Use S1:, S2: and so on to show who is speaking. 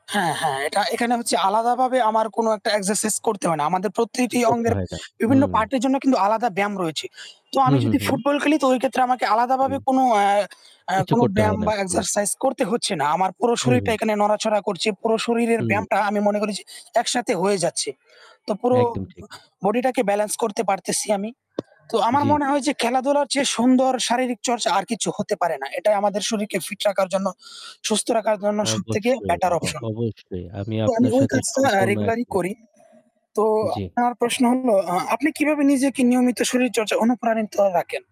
S1: হ্যাঁ, হ্যাঁ। এটা এখানে হচ্ছে আলাদাভাবে আমার কোন একটা এক্সারসাইজ করতে হয় না। আমাদের প্রতিটি
S2: কিছু করতে
S1: অঙ্গের
S2: হয় না।
S1: বিভিন্ন
S2: হুম।
S1: পার্টের জন্য কিন্তু আলাদা ব্যায়াম রয়েছে। তো আমি
S2: হুম, হুম,
S1: যদি
S2: হুম।
S1: ফুটবল খেলি তো ওই ক্ষেত্রে আমাকে আলাদাভাবে
S2: হুম।
S1: কোন আ
S2: কিচ্ছু
S1: কোন
S2: করতে হয়
S1: ব্যায়াম
S2: না।
S1: বা
S2: হুম।
S1: এক্সারসাইজ করতে হচ্ছে না। আমার পুরো
S2: হু,
S1: শরীরটা
S2: হু।
S1: এখানে নড়াচড়া করছে। পুরো শরীরের
S2: হুম।
S1: ব্যায়ামটা আমি মনে করি যে একসাথে হয়ে যাচ্ছে। তো পুরো
S2: একদম ঠিক।
S1: বডিটাকে ব্যালেন্স করতে পারতেছি আমি। তো আমার
S2: জ্বি।
S1: মনে হয় যে খেলাধুলার চেয়ে সুন্দর শারীরিক চর্চা আর কিছু হতে পারে না। এটাই আমাদের শরীরকে ফিট রাখার জন্য, সুস্থ রাখার জন্য সবথেকে
S2: অবশ্যই,
S1: বেটার
S2: অ
S1: অপশন।
S2: অবশ্যই আমি
S1: তো আমি
S2: আপনার
S1: ওই
S2: সাথে
S1: কাজটা
S2: সম্পূর্ণ
S1: রেগুলারই
S2: একমত।
S1: করি। তো
S2: জ্বী।
S1: আপনার প্রশ্ন হল আপনি কিভাবে নিজেকে নিয়মিত শরীরচর্চা অনুপ্রাণিত রাখেন?